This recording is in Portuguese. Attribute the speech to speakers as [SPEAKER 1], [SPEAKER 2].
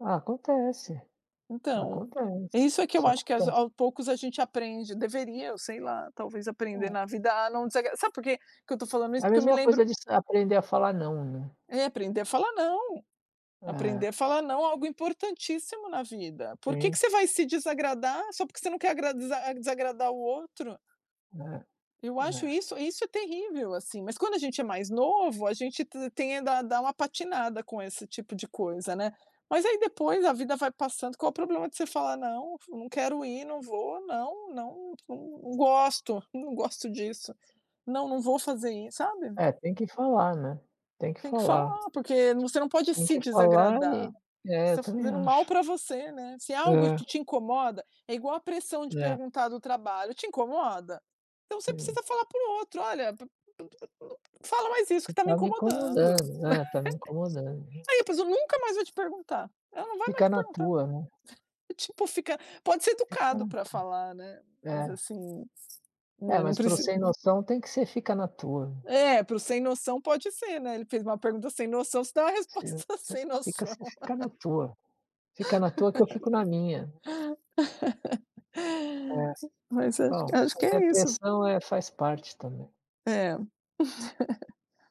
[SPEAKER 1] Ah, acontece.
[SPEAKER 2] Então,
[SPEAKER 1] Acontece.
[SPEAKER 2] isso é que eu
[SPEAKER 1] Isso
[SPEAKER 2] acho que as
[SPEAKER 1] acontece.
[SPEAKER 2] ao poucos, a gente aprende. Deveria ou sei lá. Talvez aprender
[SPEAKER 1] Tá.
[SPEAKER 2] na vida a não desagra sabe por que que eu tô falando
[SPEAKER 1] É
[SPEAKER 2] isso?
[SPEAKER 1] a
[SPEAKER 2] Porque eu me
[SPEAKER 1] mesma coisa
[SPEAKER 2] lembro
[SPEAKER 1] de sa aprender a falar "não", né.
[SPEAKER 2] É, aprender a falar "não". Aprender a
[SPEAKER 1] É.
[SPEAKER 2] falar "não" é algo importantíssimo na vida. Por que
[SPEAKER 1] Sim.
[SPEAKER 2] que você vai se desagradar só porque você não quer agrada desagradar o outro?
[SPEAKER 1] Né.
[SPEAKER 2] Eu acho
[SPEAKER 1] É.
[SPEAKER 2] isso isso terrível, assim. Mas, quando a gente é mais novo, a gente t tenda a dar uma patinada com esse tipo de coisa, né. Mas aí, depois, a vida vai passando. Qual o problema de você falar: “Não f não quero ir. Não vou. Não, não, não gosto. Não gosto disso. Não. Não vou fazer isso”, sabe?
[SPEAKER 1] É, tem que falar, né. Tem que
[SPEAKER 2] Tem que
[SPEAKER 1] falar.
[SPEAKER 2] falar, porque n você não pode
[SPEAKER 1] Tem
[SPEAKER 2] se
[SPEAKER 1] que falar
[SPEAKER 2] desagradar.
[SPEAKER 1] É,
[SPEAKER 2] Você
[SPEAKER 1] eu
[SPEAKER 2] tá
[SPEAKER 1] também
[SPEAKER 2] fazendo mal
[SPEAKER 1] acho.
[SPEAKER 2] pra você, né. Se é algo
[SPEAKER 1] É.
[SPEAKER 2] que te incomoda é igual a pressão de
[SPEAKER 1] É.
[SPEAKER 2] perguntar do trabalho. Te incomoda? Então você
[SPEAKER 1] Sei.
[SPEAKER 2] precisa falar para o outro: “Olha, p p n não fala mais isso, que
[SPEAKER 1] Tu
[SPEAKER 2] tá me
[SPEAKER 1] tá me
[SPEAKER 2] incomodando, né”.
[SPEAKER 1] incomodando, né. Tá me incomodando.
[SPEAKER 2] Aí a pessoa nunca mais vai te perguntar. Ela não vai mais
[SPEAKER 1] Fica
[SPEAKER 2] te
[SPEAKER 1] na
[SPEAKER 2] perguntar.
[SPEAKER 1] tua, né.
[SPEAKER 2] Tipo, fica pode ser
[SPEAKER 1] Fica
[SPEAKER 2] educado
[SPEAKER 1] na
[SPEAKER 2] pra
[SPEAKER 1] tua.
[SPEAKER 2] falar, né? Mas,
[SPEAKER 1] É.
[SPEAKER 2] assim,
[SPEAKER 1] É,
[SPEAKER 2] né, não
[SPEAKER 1] mas, para o
[SPEAKER 2] preci
[SPEAKER 1] sem noção, tem que ser: "Fica na tua".
[SPEAKER 2] É. Para o sem noção pode ser, né. Ele fez uma pergunta sem noção. Você dá uma
[SPEAKER 1] "Você
[SPEAKER 2] resposta
[SPEAKER 1] você
[SPEAKER 2] sem
[SPEAKER 1] fica
[SPEAKER 2] noção.
[SPEAKER 1] você fica na tua. Fica na tua, que eu fico na minha". É.
[SPEAKER 2] Mas, acho
[SPEAKER 1] Bom,
[SPEAKER 2] que acho
[SPEAKER 1] mas
[SPEAKER 2] que
[SPEAKER 1] a
[SPEAKER 2] é isso.
[SPEAKER 1] pressão, eh, faz parte também.
[SPEAKER 2] Hum. É.